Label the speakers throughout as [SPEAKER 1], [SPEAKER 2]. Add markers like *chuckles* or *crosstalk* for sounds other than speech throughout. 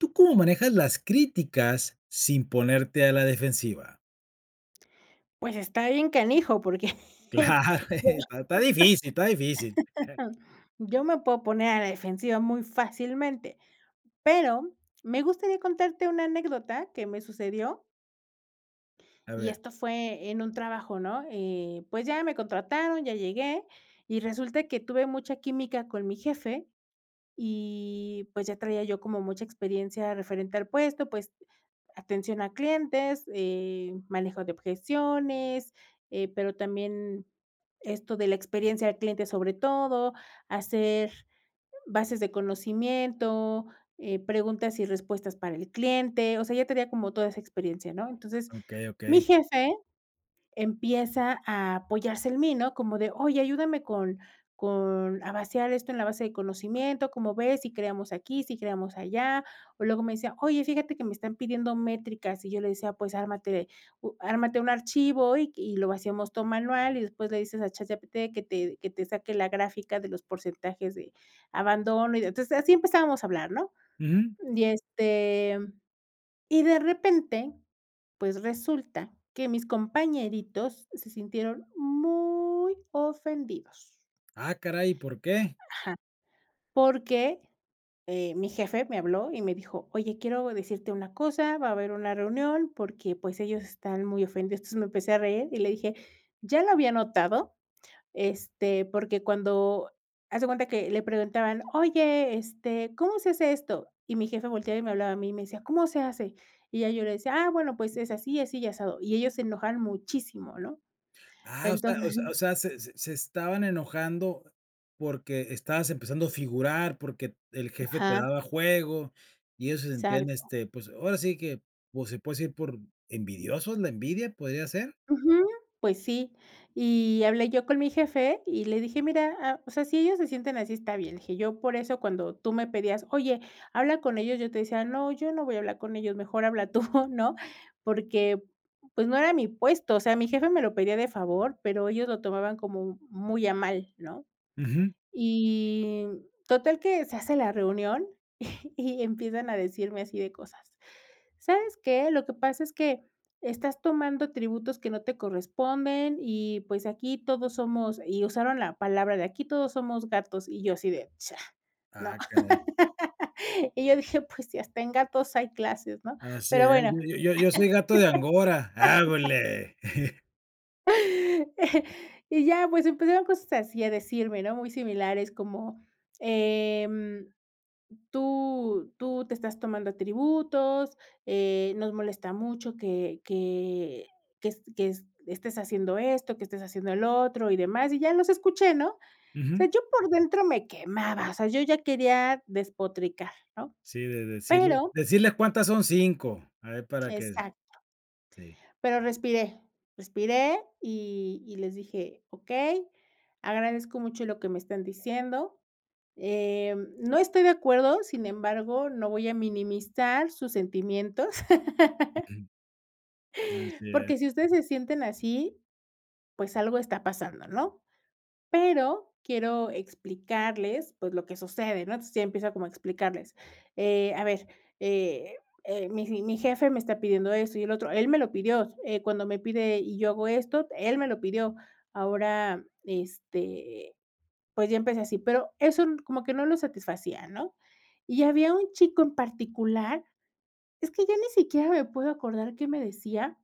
[SPEAKER 1] ¿Tú cómo manejas las críticas sin ponerte a la defensiva?
[SPEAKER 2] Pues, está bien canijo, porque,
[SPEAKER 1] Claro,
[SPEAKER 2] yo
[SPEAKER 1] está está difícil, está difícil. *chuckles*
[SPEAKER 2] *chuckles* Yo me puedo poner a la defensiva muy fácilmente. Pero me gustaría contarte una anécdota que me sucedió.
[SPEAKER 1] A
[SPEAKER 2] Y
[SPEAKER 1] ver.
[SPEAKER 2] esto fue en un trabajo, ¿no?, eh, pues, ya me contrataron, ya llegué, y resulta que tuve mucha química con mi jefe y, pues, ya traía yo como mucha experiencia referente al puesto, pues, atención a clientes, eh, manejo de objeciones, eh, pero también esto de la experiencia al cliente, sobre todo hacer bases de conocimiento, eh, preguntas y respuestas para el cliente, o sea, ya tenía como toda esa experiencia, ¿no? Entonces,
[SPEAKER 1] Okey,
[SPEAKER 2] mi
[SPEAKER 1] okey.
[SPEAKER 2] jefe empieza a apoyarse en mí, ¿no?, como de: "Oye, ayúdame con con a vaciar esto en la base de conocimiento, ¿cómo ves?, ¿sí creamos aquí, sí creamos allá? O luego me decía: "Oye, fíjate que me están pidiendo métricas". Y yo le decía: "Pues, ármate u ármate un archivo, y q y lo vaciamos todo manual, y después le dices a ChatGPT que te que te saque la gráfica de los porcentajes de abandono y de". Entonces así empezábamos a hablar ¿no?
[SPEAKER 1] Ujú.
[SPEAKER 2] Y, este, y de repente, pues, resulta que mis compañeritos se sintieron muy ofendidos.
[SPEAKER 1] Ah, caray, ¿y por qué?
[SPEAKER 2] Ajá. Porque, eh, mi jefe me habló y me dijo: "Oye, quiero decirte una cosa, va a haber una reunión, porque, pues, ellos están muy ofendidos". Entonces, me empecé a reír y le dije: "Ya lo había notado, este, porque cuando". Haz de cuenta que le preguntaban: "Oye, este, ¿cómo se hace esto?". Y mi jefe volteaba y me hablaba a mí, y me decía: "¿Cómo se hace?". Y ya yo le decía: "Ah, bueno, pues, es así, así y asado". Y ellos se enojaron muchísimo, ¿no?
[SPEAKER 1] Ah, o sea o
[SPEAKER 2] Entonces
[SPEAKER 1] sea- o sea, se se se estaban enojando porque estabas empezando a figurar, porque el jefe te
[SPEAKER 2] Ajá.
[SPEAKER 1] daba juego y ellos se sentían,
[SPEAKER 2] Exacto.
[SPEAKER 1] este, pues, ahora sí que, pues, se puede decir, por envidiosos, ¿la envidia podría ser?
[SPEAKER 2] Ujú. Pues, sí. Y hablé yo con mi jefe y le dije: "Mira, ah, o sea, si ellos se sienten así, está bien". Le dije: "Yo por eso cuando tú me pedías: 'Oye, habla con ellos', yo te decía: No, yo no voy a hablar con ellos, mejor habla tú", ¿no? Porque, pues, no era mi puesto, o sea, mi jefe me lo pedía de favor, pero ellos lo tomaban como muy a mal, ¿no?
[SPEAKER 1] Ujú.
[SPEAKER 2] Y total que se hace la reunión *chuckles* y empiezan a decirme así de cosas: "¿Sabes qué?, lo que pasa es que estás tomando atributos que no te corresponden y, pues, aquí todos somos". Y usaron la palabra de: "Aquí, todos somos gatos". Y yo así de: "Cha, no".
[SPEAKER 1] Ah, caray.
[SPEAKER 2] *laughs* Y yo dije, pues, si hasta en gatos hay clases, ¿no?,
[SPEAKER 1] Así
[SPEAKER 2] pero
[SPEAKER 1] es,
[SPEAKER 2] bueno.
[SPEAKER 1] yo yo yo yo soy gato de Angora,
[SPEAKER 2] *laughs*
[SPEAKER 1] hágole. *chuckles*
[SPEAKER 2] *chuckles* Y ya, pues, empezaron cosas así a decirme ¿no? Muy similares como, em: "Tú tú te estás tomando atributos, eh, nos molesta mucho que que que est que est estés haciendo esto, que estés haciendo lo otro, y demás", y ya, los escuché, ¿no? O sea,
[SPEAKER 1] Ujú.
[SPEAKER 2] yo por dentro me quemaba, o sea, yo ya quería despotricar, ¿no?
[SPEAKER 1] Sí, de decirles
[SPEAKER 2] Pero
[SPEAKER 1] decirles cuántas son 5. A ver, para que
[SPEAKER 2] Exacto.
[SPEAKER 1] Sí.
[SPEAKER 2] Pero respiré, respiré y y les dije: "Okey, agradezco mucho lo que me están diciendo, em, no estoy de acuerdo, sin embargo, no voy a minimizar sus sentimientos". *laughs*
[SPEAKER 1] Así es.
[SPEAKER 2] "Porque, si ustedes se sienten así, pues, algo está pasando, ¿no? Pero quiero explicarles, pues, lo que sucede, ¿no?". Entonces, ya empiezo como a explicarles: "Eh, a ver, eh eh, mi j mi jefe me está pidiendo esto y el otro, él me lo pidió, eh, cuando me pide, y yo hago esto, él me lo pidió". Ahora, este, pues, ya empecé así. Pero eso como que no lo satisfacía, ¿no? Y había un chico en particular es que ya ni siquiera me puedo acordar qué me decía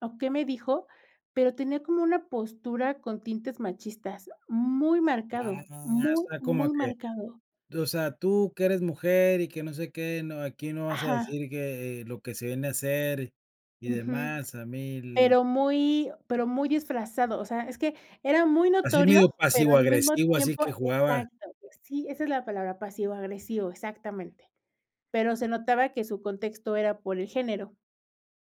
[SPEAKER 2] o qué me dijo, pero tenía como una postura con tintes machistas muy
[SPEAKER 1] Ah,
[SPEAKER 2] marcado,
[SPEAKER 1] o
[SPEAKER 2] muy,
[SPEAKER 1] sea, como
[SPEAKER 2] muy
[SPEAKER 1] que
[SPEAKER 2] marcado.
[SPEAKER 1] t o sea, tú que eres mujer y que no sé qué, no, aquí no vas a
[SPEAKER 2] Ajá.
[SPEAKER 1] decir, que, eh, lo que se viene a hacer y
[SPEAKER 2] Ujú.
[SPEAKER 1] demás, a mil
[SPEAKER 2] Pero muy pero muy disfrazado, o sea, es que era muy
[SPEAKER 1] Así medio
[SPEAKER 2] notorio, pero al mismo
[SPEAKER 1] pasivo-agresivo, así
[SPEAKER 2] tiempo
[SPEAKER 1] que jugaba.
[SPEAKER 2] exacto. Pues, sí, esa es la palabra pasivo-agresivo, exactamente. Pero se notaba que su contexto era por el género.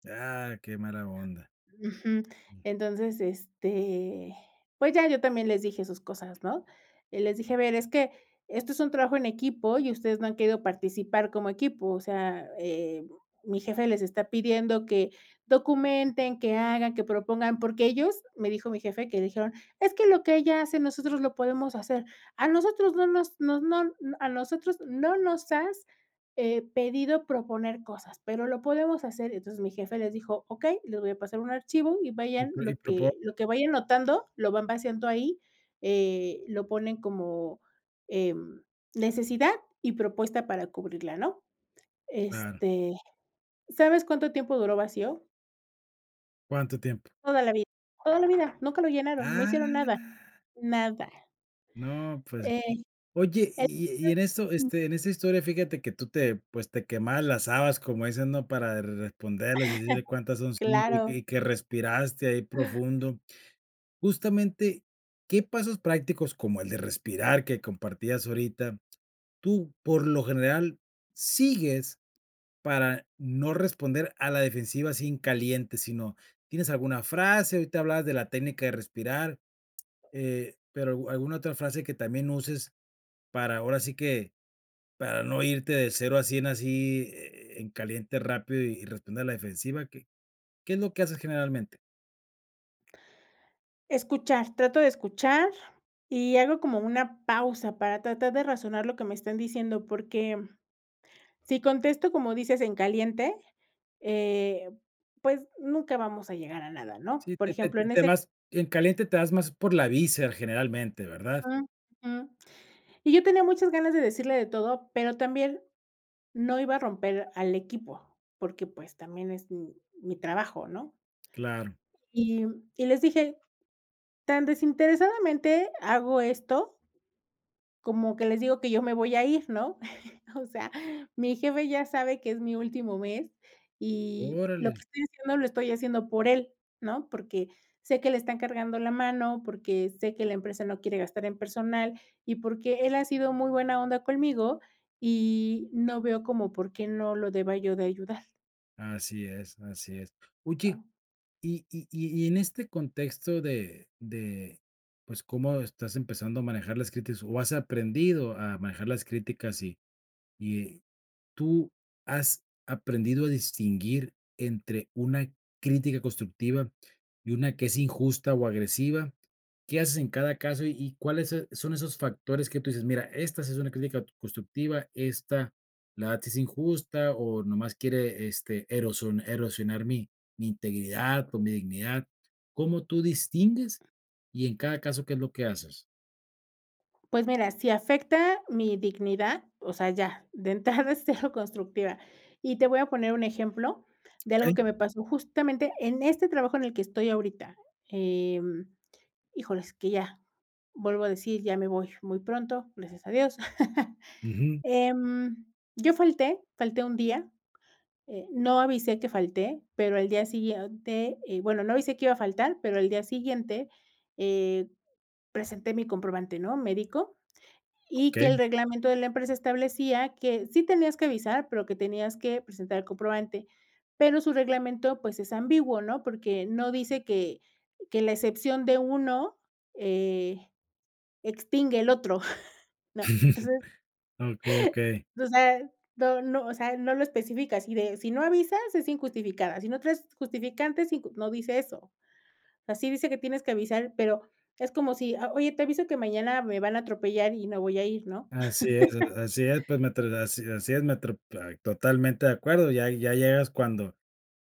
[SPEAKER 1] Ah, qué mala onda.
[SPEAKER 2] Ujú.
[SPEAKER 1] Mm.
[SPEAKER 2] Entonces, este, pues ya, yo también les dije sus cosas, ¿no?, eh, les dije: "A ver, es que esto es un trabajo en equipo y ustedes no han querido participar como equipo, o sea, eh, mi jefe les está pidiendo que documenten, que hagan, que propongan". Porque ellos, me dijo mi jefe que le dijeron: "Es que lo que ella hace, nosotros lo podemos hacer". "A nosotros no nos nos no a nosotros no nos has, eh, pedido proponer cosas, pero lo podemos hacer". Entonces, mi jefe les dijo: "Okey les voy a pasar un archivo y
[SPEAKER 1] Y,
[SPEAKER 2] vayan
[SPEAKER 1] pues, y
[SPEAKER 2] lo
[SPEAKER 1] propo
[SPEAKER 2] que lo que vayan notando, lo van vaciando ahí, eh, lo ponen como, em, necesidad y propuesta para cubrirla", ¿no?,
[SPEAKER 1] Claro
[SPEAKER 2] este, ¿sabes cuánto tiempo duró vacío?
[SPEAKER 1] ¿Cuánto tiempo?
[SPEAKER 2] Toda la vida, toda la vida. Nunca lo llenaron. No hicieron nada,
[SPEAKER 1] Ah.
[SPEAKER 2] nada.
[SPEAKER 1] No, pues.
[SPEAKER 2] Eh.
[SPEAKER 1] Oye, y y-y en esto,
[SPEAKER 2] *unintelligible* Mm.
[SPEAKER 1] este, en esa historia fíjate que tú te pues te quemabas las habas como dicen, ¿no?, para responderlas y decirle cuántas
[SPEAKER 2] *chuckles*
[SPEAKER 1] son 5 y
[SPEAKER 2] Claro.
[SPEAKER 1] y que respiraste ahí profundo. Justamente, ¿qué pasos prácticos como el de respirar que compartías ahorita, tú, por lo general, sigues para no responder a la defensiva así en caliente? Sino, ¿tienes alguna frase? Ahorita hablabas de la técnica de respirar. Eh, pero, ¿au alguna otra frase que también uses para ahora así que para no irte de 0 a 100 así e e en caliente rápido y responder a la defensiva? ¿Qué qué es lo que haces generalmente?
[SPEAKER 2] Escuchar, trato de escuchar, y hago como una pausa para tratar de razonar lo que me están diciendo. Porque si contesto, como dices, en caliente, eh, pues, nunca vamos a llegar a nada, ¿no?,
[SPEAKER 1] Sí,
[SPEAKER 2] por
[SPEAKER 1] te te
[SPEAKER 2] ejemplo, en
[SPEAKER 1] te
[SPEAKER 2] ese
[SPEAKER 1] vas en caliente, te vas más por la víscera generalmente, ¿verdad?
[SPEAKER 2] Mm, mm. Y yo tenía muchas ganas de decirle de todo, pero también no iba a romper al equipo, porque, pues, también es m mi trabajo, ¿no?
[SPEAKER 1] Claro.
[SPEAKER 2] Y y les dije: "Tan desinteresadamente hago esto como que les digo que yo me voy a ir, ¿no?, *chuckles* o sea, mi jefe ya sabe que es mi último mes, y lo
[SPEAKER 1] Órale.
[SPEAKER 2] que estoy haciendo lo estoy haciendo por él, ¿no?, porque sé que le están cargando la mano, porque sé que la empresa no quiere gastar en personal, y porque él ha sido muy buena onda conmigo, y no veo como por qué no lo deba yo de ayudar".
[SPEAKER 1] Así es, así es. Oye,
[SPEAKER 2] Ah.
[SPEAKER 1] y y y y en este contexto de de, pues, cómo estás empezando a manejar las críticas o has aprendido a manejar las críticas, y y ¿tú has aprendido a distinguir entre una crítica constructiva y una que es injusta o agresiva? ¿Qué haces en cada caso y y cuáles se son esos factores que tú dices: "Mira, esta sí es una crítica t constructiva, esta la verdad es injusta, o nomás quiere, este, eroso erosionar mi mi integridad o mi dignidad"? ¿Cómo tú distingues? Y en cada caso, ¿qué es lo que haces?
[SPEAKER 2] Pues mira, si afecta mi dignidad, o sea, ya. De entrada, es cero constructiva. Y te voy a poner un ejemplo, de algo
[SPEAKER 1] Okey.
[SPEAKER 2] que me pasó, justamente, en este trabajo, en el que estoy ahorita. Em, híjoles, que ya, vuelvo a decir, ya me voy muy pronto, gracias a Dios. *laughs*
[SPEAKER 1] Ujú.
[SPEAKER 2] Eh, yo falté, falté 1 día. Eh, no avisé que falté, pero al día siguiente Eh, bueno, no avisé que iba a faltar, pero al día siguiente, eh, presenté mi comprobante, ¿no?, médico. Y que el
[SPEAKER 1] Okey.
[SPEAKER 2] reglamento de la empresa, establecía, que sí tenías que avisar, pero que tenías que presentar el comprobante. Pero su reglamento, pues, es ambiguo, ¿no? Porque no dice que que la excepción de uno eh, extingue el otro, *chuckles* ¿no?
[SPEAKER 1] *laughs*
[SPEAKER 2] Entonces,
[SPEAKER 1] Okey, okey.
[SPEAKER 2] no no, o sea, no lo especifica, así de: "Si no avisas, es injustificada. Si no traes justificante, es inj". No dice eso. Ah, sí dice que tienes que avisar, pero es como si: "Ah, oye, te aviso que mañana me van a atropellar, y me voy a ir", ¿no?
[SPEAKER 1] Así es, a a así es, pues mientr
[SPEAKER 2] *laughs*
[SPEAKER 1] Así es, así es mientr ay totalmente de acuerdo. Ya ya llegas, cuando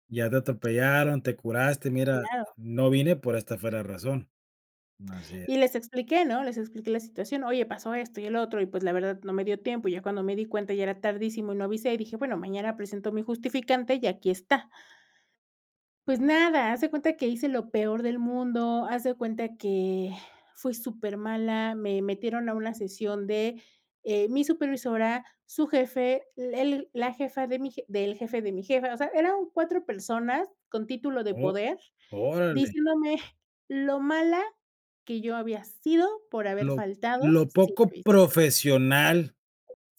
[SPEAKER 1] ya te atropellaron, te curaste. "Mira,
[SPEAKER 2] Claro.
[SPEAKER 1] no vine pero esta fue la razón". Así es.
[SPEAKER 2] Y les expliqué, ¿no? Les expliqué la situación: "Oye, pasó esto, y el otro. Y pues, la verdad, no me dio tiempo. Ya cuando me di cuenta, ya era tardísimo, y no avisé". Y dije: "Bueno, mañana presento mi justificante, y aquí está". Pues nada, haz de cuenta que hice lo peor del mundo. Haz de cuenta que fui súper mala. Me metieron a una sesión de Eh, mi supervisora, su jefe, el la jefa de mi jef del jefe, de mi jefa. O sea, eran 4 personas, con título de
[SPEAKER 1] O
[SPEAKER 2] poder,
[SPEAKER 1] órale.
[SPEAKER 2] diciéndome lo mala que yo había sido, por haber
[SPEAKER 1] Lo
[SPEAKER 2] faltado,
[SPEAKER 1] lo
[SPEAKER 2] sin
[SPEAKER 1] poco
[SPEAKER 2] avisar.
[SPEAKER 1] profesional,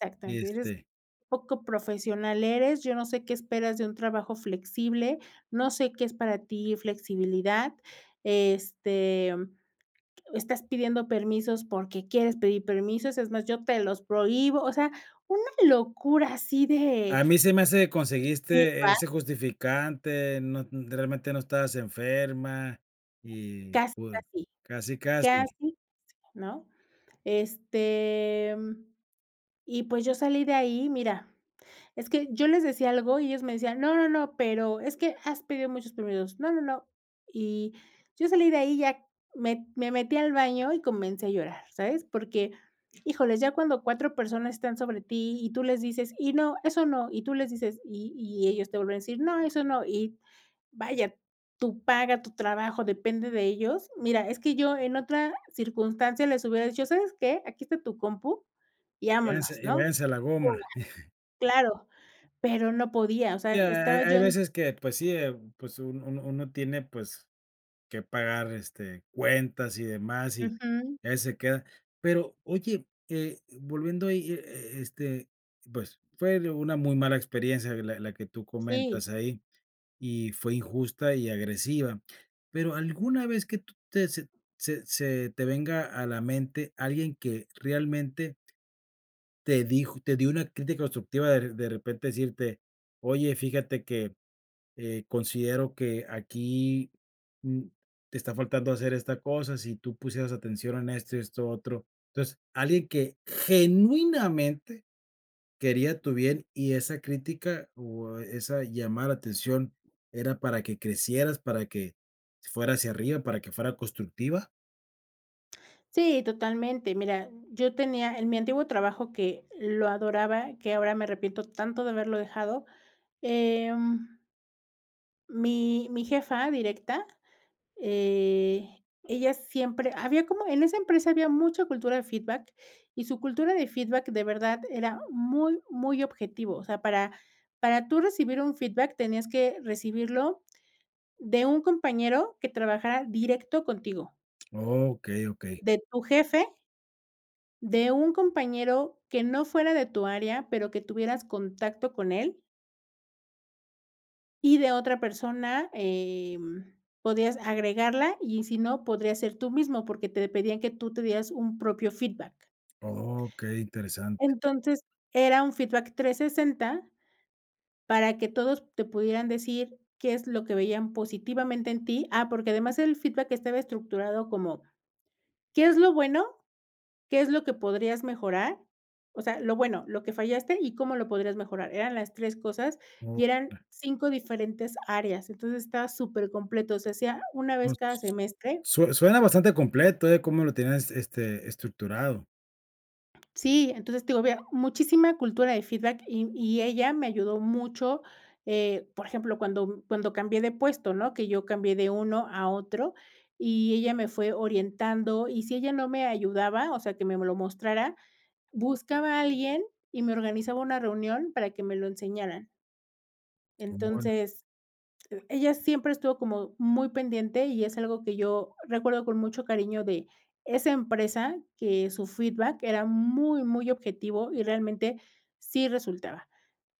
[SPEAKER 2] Exactamente Eres
[SPEAKER 1] este
[SPEAKER 2] poco profesional, eres yo no sé qué esperas de un trabajo flexible, no sé qué es para ti flexibilidad, este, estás pidiendo permisos porque quieres pedir permisos. Es más, yo te los prohíbo. O sea, una locura, así de
[SPEAKER 1] A mí se me hace que conseguiste
[SPEAKER 2] *unintelligible*
[SPEAKER 1] ese justificante. No e realmente, no estabas enferma. Y cul
[SPEAKER 2] *unintelligible*
[SPEAKER 1] casi, casi.
[SPEAKER 2] Casi, ¿no? Este, y, pues, yo salí de ahí, mira es que yo les decía algo, y ellos me decían: "No, no, no. Pero es que has pedido muchos permisos. No, no, no". Y yo salí de ahí, ya me me metí al baño y comencé a llorar, ¿sabes? Porque, híjoles, ya cuando 4 personas están sobre ti, y tú les dices: "Y no, eso no". Y tú les dices Y y ellos te vuelven a decir: "No, eso no". Y, vaya, tu paga, tu trabajo, depende de ellos. Mira, es que yo en otra circunstancia les hubiera dicho: "¿Sabes qué? Aquí está tu compu". Y vámonos,
[SPEAKER 1] Váyanse, y
[SPEAKER 2] ¿no?
[SPEAKER 1] váyanse a la goma. *chuckles*
[SPEAKER 2] *unintelligible* Claro, pero no podía. O sea,
[SPEAKER 1] Ya. Ha
[SPEAKER 2] estaba
[SPEAKER 1] ha
[SPEAKER 2] yo
[SPEAKER 1] hay
[SPEAKER 2] en
[SPEAKER 1] veces, que pues sí, eh, pues un uno uno tiene, pues, que pagar, este, cuentas y demás. Y,
[SPEAKER 2] ujú.
[SPEAKER 1] a veces, se queda Pero oye, eh, volviendo ahí, e e e este, pues, fue una muy mala experiencia, la la que tú
[SPEAKER 2] Sí.
[SPEAKER 1] comentas ahí. Y fue injusta y agresiva. Pero, ¿alguna vez, que tú te? Se se te venga a la mente, alguien que realmente, te dijo te dio una crítica constructiva, de de repente, decirte: "Oye, fíjate que, eh, considero que aquí, mm, te está faltando hacer esta cosa. Si tú pusieras atención en esto y esto otro". Entonces, alguien que genuinamente quería tu bien, y esa crítica, o esa llamada de atención, era para que crecieras. Para que fuera hacia arriba. ¿Para que fuera constructiva?
[SPEAKER 2] Sí, totalmente, mira, yo tenía, en mi antiguo trabajo que, lo adoraba, que ahora me arrepiento tanto de haberlo dejado, em mi mi jefa directa, eh, ella siempre había como en esa empresa había mucha cultura de feedback, y su cultura de feedback de verdad era muy muy objetivo, o sea, para para tú recibir un feedback, tenías que recibirlo de un compañero que trabajara directo contigo
[SPEAKER 1] Okey, okey.
[SPEAKER 2] de tu jefe de un compañero que no fuera de tu área, pero que tuvieras contacto con él. Y de otra persona, em, podías agregarla y si no, podrías ser tú mismo, porque te pedían que tú te dieras un propio feedback.
[SPEAKER 1] Okey, interesante.
[SPEAKER 2] Entonces, era un feedback 360, para que todos te pudieran decir qué es lo que veían positivamente en ti ah, porque además, el feedback estaba estructurado como: "¿Qué es lo bueno? ¿Qué es lo que podrías mejorar?", o sea, lo bueno, lo que fallaste y cómo lo podrías mejorar, eran las 3 cosas, y
[SPEAKER 1] Oh,
[SPEAKER 2] eran
[SPEAKER 1] *unintelligible*
[SPEAKER 2] 5 diferentes áreas. Entonces, estaba supercompleto, se hacía 1
[SPEAKER 1] No,
[SPEAKER 2] vez cada
[SPEAKER 1] s
[SPEAKER 2] semestre.
[SPEAKER 1] sue suena bastante completo, eh, cómo lo tenías, este, estructurado.
[SPEAKER 2] Sí. Entonces, te digo, había muchísima cultura de feedback y y ella me ayudó mucho, eh, por ejemplo, cuando cuando cambié de puesto, ¿no?, que yo cambié de uno a otro, y ella me fue orientando, y si ella no me ayudaba, o sea, que me lo mostrara, buscaba a alguien y me organizaba una reunión para que me lo enseñaran.
[SPEAKER 1] Embon
[SPEAKER 2] Entonces, eh, ella siempre estuvo como, muy pendiente y es algo que yo, recuerdo con mucho cariño de esa empresa, que su feedback era muy, muy objetivo y realmente sí resultaba.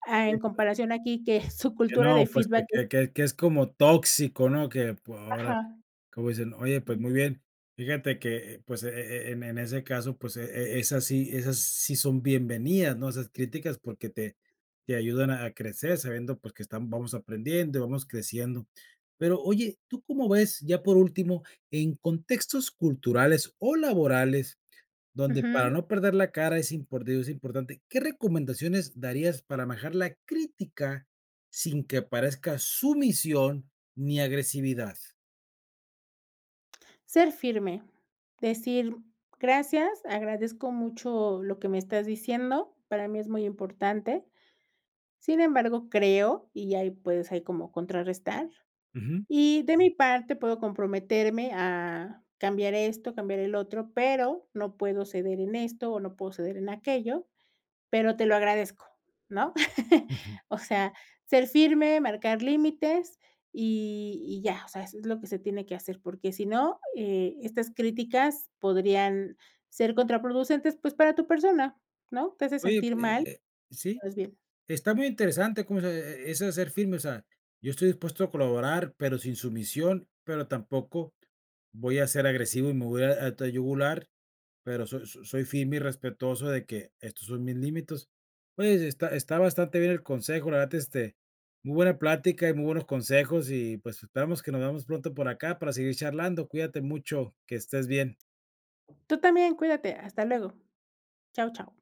[SPEAKER 2] Ah,
[SPEAKER 1] Oye
[SPEAKER 2] en
[SPEAKER 1] pue
[SPEAKER 2] comparación aquí que su
[SPEAKER 1] Que
[SPEAKER 2] cultura
[SPEAKER 1] no
[SPEAKER 2] de
[SPEAKER 1] pues,
[SPEAKER 2] feedback
[SPEAKER 1] que
[SPEAKER 2] es
[SPEAKER 1] que que que es como tóxico, ¿no? Que pue ahora
[SPEAKER 2] Ajá.
[SPEAKER 1] como dicen, oye, pues,
[SPEAKER 2] Ujú.
[SPEAKER 1] muy bien. Fíjate que, eh, pues, e e e en en ese caso, pues, e e esa sí esas sí son bienvenidas, ¿no?, esas críticas porque te te ayudan a crecer sabiendo, pues, que están vamos aprendiendo, vamos creciendo. Pero oye, ¿tú cómo ves?, ya por último en contextos culturales o laborales donde para
[SPEAKER 2] Ujú.
[SPEAKER 1] no perder la cara es import digo es importante, ¿qué recomendaciones darías para manejar la crítica sin que aparezca sumisión ni agresividad?
[SPEAKER 2] Ser firme, decir: "Gracias, agradezco mucho lo que me estás diciendo". Para mí es muy importante. Sin embargo, creo y ahí puedes ahí como contrarrestar:
[SPEAKER 1] Ujú.
[SPEAKER 2] "Y, de mi parte, puedo comprometerme a, cambiar esto, cambiar el otro, pero, no puedo ceder en esto, o no puedo ceder en aquello, pero te lo agradezco, ¿no?". *chuckles*
[SPEAKER 1] Ujú.
[SPEAKER 2] O sea, ser firme, marcar límites, y y ya, o sea, eso es lo que se tiene que hacer, porque si no, eh, estas críticas podrían, ser contraproducentes, pues, para tu persona, ¿no? Te hace
[SPEAKER 1] Oye,
[SPEAKER 2] sentir
[SPEAKER 1] eh,
[SPEAKER 2] mal.
[SPEAKER 1] eh, sí,
[SPEAKER 2] Te ves bien.
[SPEAKER 1] está muy interesante como dices, e e eso de ser firme, o sea, yo estoy dispuesto a colaborar, pero sin sumisión, pero tampoco voy a ser agresivo y me voy a ir a a tu yugular, pero so so soy firme y respetuoso de que, estos son mis límites. Oye, está está bastante bien el consejo, la verdad, este, muy buena plática y muy buenos consejos, y pues, esperamos que nos veamos pronto por acá para seguir charlando. Cuídate mucho, que estés bien.
[SPEAKER 2] Tú también, cuídate, hasta luego. Chao, chao.